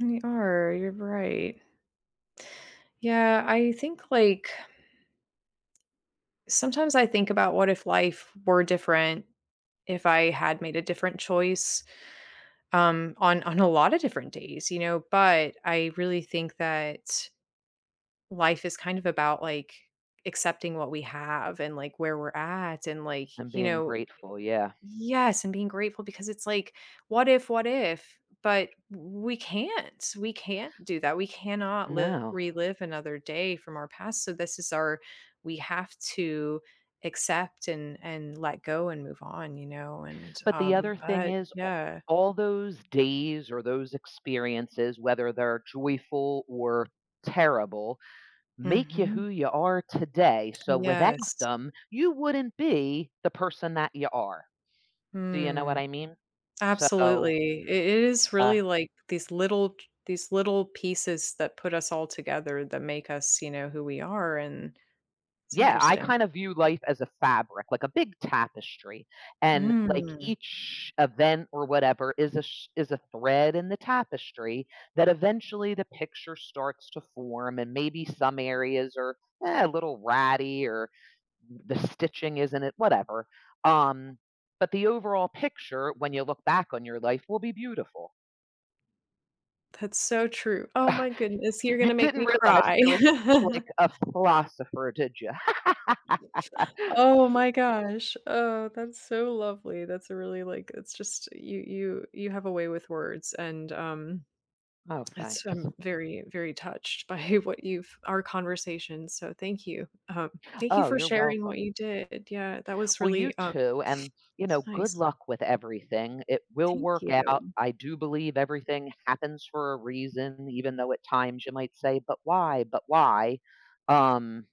We are, you're right. Yeah, I think like Sometimes I think about what if life were different, if I had made a different choice, um, on on a lotta different days, you know? But I really think that life is kind of about, like, accepting what we have and, like, where we're at, and, like, And you being know, i grateful. Yeah. Yes, and being grateful because it's like, "What if? What if?" But we can't, we can't do that, we cannot live No. relive another day from our past, so this is our we have to accept and and let go and move on, you know, and, But the um other thing but is, a yeah. all those days or those experiences, whether they're joyful or terrible, make ya Mhm. who you are today, so without Yes. them, you wouldn't be the person that ya are. Do you know what Mm, I mean? So, absolutely, i it is uh really like these little j these little pieces that put us all together that make us, you know, who we are and it's Yeah, I interesting. kind of view life as a fabric, like a big tapestry, and, like, Mm. each event or whatever is a sh is a thread in the tapestry that eventually the picture starts to form and maybe some areas are, uh, a little ratty or the stitching isn't it whatever, um, but the overall picture, when you look back on your life will be beautiful. That's so true. Oh my goodness, you're You gonna make me didn't realize cry. I was such, like, a philosopher, did you? Oh my gosh. Oh, that's so lovely, that's a really like it's just you you you have a way with words and, um Oh, That's thanks. I'm very, very touched by what you've our conversation, so thank you. Um, thank you Oh, for you're sharing what welcome. you did. Yeah, that was Well, you really, uh too, and you it's know, good nice. luck with everything, it will Thank work out. you. I do believe everything happens for a reason, even though at times you might say, "But why? But why?" Um